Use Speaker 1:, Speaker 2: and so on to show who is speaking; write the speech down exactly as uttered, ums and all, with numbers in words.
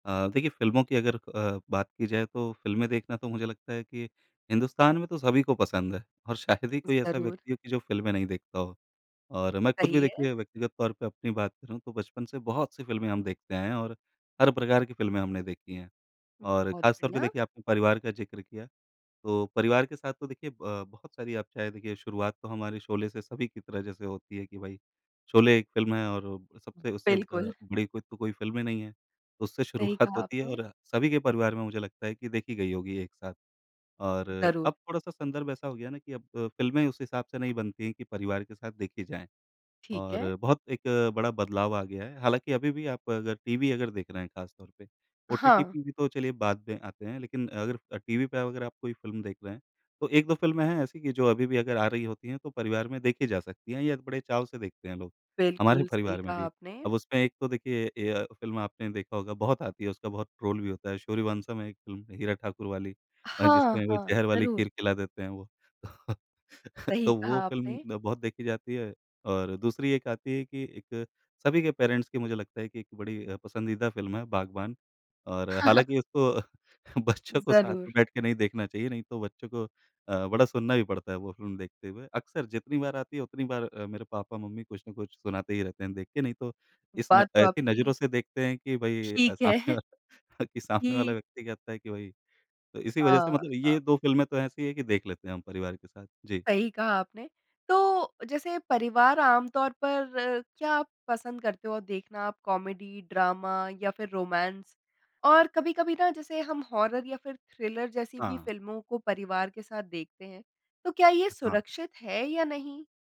Speaker 1: अ, देखिए फ़िल्मों की अगर अ, बात की जाए तो फ़िल्में देखना तो मुझे लगता है कि हिन्दुस्तान में तो सभी को पसंद है और शायद ही
Speaker 2: ज
Speaker 1: कोई ऐसा
Speaker 2: ज़रूर।
Speaker 1: व्यक्ति हो कि जो फ़िल्में नहीं देखता हो। और मैं खुद भी
Speaker 2: सही है।
Speaker 1: देखिए व्यक्तिगत तौर पे अपनी बात करूँ तो बचपन से बहुत-सी फ़िल्में हम देखते आए हैं और हर प्रकार की फ़िल्में हमने देखी हैं।
Speaker 2: हुँ,
Speaker 1: और
Speaker 2: बहुत
Speaker 1: खासतौर पे
Speaker 2: बढ़िया।
Speaker 1: देखिए आपने परिवार का ज़िक्र किया, तो परिवार के साथ तो देखिए अ, बहुत सारी आप चाहें देखिए शुरुआत तो हमारे शोले से सभी की तरह जैसे होती है कि भाई, शोले एक फ़िल्म है और सबसे उससे अ,
Speaker 2: बिल्कुल।
Speaker 1: बड़ी कोई तो कोई फ़िल्म ही नहीं है। उससे
Speaker 2: सही
Speaker 1: शुरुआत
Speaker 2: कहा
Speaker 1: होती है
Speaker 2: आपने।
Speaker 1: और सभी के परिवार में मुझे लगता है कि देखी गई होगी एक साथ, और
Speaker 2: ज़रूर।
Speaker 1: अब थोड़ा-सा संदर्भ ऐसा हो गया ना कि अब अ, फ़िल्में उस हिसाब से नहीं बनती हैं कि परिवार के साथ देखी जाएँ
Speaker 2: ठीक है।
Speaker 1: और बहुत एक बड़ा बदलाव आ गया है। हालाँकि अभी भी आप अगर टीवी देख रहे हैं खासतौर पे, ओटीटी
Speaker 2: हाँ।
Speaker 1: पे भी तो चलिए बाद में आते हैं, लेकिन अगर अ, टीवी पे अगर आप कोई फ़िल्म देख रहे हैं, तो एक दो फ़िल्में हैं ऐसी कि जो अभी भी अगर आ रही होती हैं तो परिवार में देखी जा सकती हैं, या बड़े चाव से देखते हैं लोग, हमारे जो
Speaker 2: बिल्कुल, सही
Speaker 1: परिवार में
Speaker 2: कहा
Speaker 1: भी।
Speaker 2: आपने।
Speaker 1: अब उसमें एक तो देखिए ए य फ़िल्म आपने देखा होगा, बहुत आती है, उसका बहुत ट्रोल भी होता है, सूर्यवंशम है एक फ़िल्म हीरा ठाकुर वाली अ,
Speaker 2: हाँ,
Speaker 1: जिसमें वो
Speaker 2: हाँ,
Speaker 1: ज़हर वाली
Speaker 2: ज़रूर।
Speaker 1: खीर खिला देते हैं वो। तो
Speaker 2: सही
Speaker 1: तो वो
Speaker 2: कहा
Speaker 1: फ़िल्म
Speaker 2: आपने।
Speaker 1: न बहुत देखी जाती है और दूसरी एक आती है कि एक सभी के पेरेंट्स की मुझे लगता है कि एक बड़ी अ, पसंदीदा फ़िल्म है बागबान और हालाँकि उसको बच्चों को साथ
Speaker 2: ज़रूर।
Speaker 1: में बैठके नहीं देखना चाहिए, नहीं तो बच्चों को अ, बड़ा सुनना भी पड़ता है वो फ़िल्म देखते हुए। अक्सर जितनी बार आती है, उतनी बार अ, मेरे पापा-मम्मी कुछ न कुछ सुनाते ही रहते हैं देख के नहीं तो इस न
Speaker 2: बात तो
Speaker 1: ऐसी
Speaker 2: आपकी
Speaker 1: नज़रों से देखते हैं कि भई अ,
Speaker 2: ठीक
Speaker 1: सामने
Speaker 2: है।
Speaker 1: वाला अ, कि सामने वाला
Speaker 2: कि
Speaker 1: व्यक्ति कहता है कि भई तो इसी
Speaker 2: अ,
Speaker 1: वज़ह से मतलब
Speaker 2: हाँ।
Speaker 1: ये दो फ़िल्में तो ऐसी हैं कि देख लेते हैं हम परिवार के साथ। जी।
Speaker 2: सही कहा आपने। तो जैसे परिवार आमतौर पर क्या आप पसंद करते हो देखना आप कॉमेडी, ड्रामा या फिर रोमांस? और कभी-कभी ना जैसे हम हॉरर या फिर थ्रिलर जैसी भी
Speaker 1: हाँ।
Speaker 2: फ़िल्मों को परिवार के साथ देखते हैं, तो क्या ये
Speaker 1: अ, हाँ।
Speaker 2: सुरक्षित है या नहीं?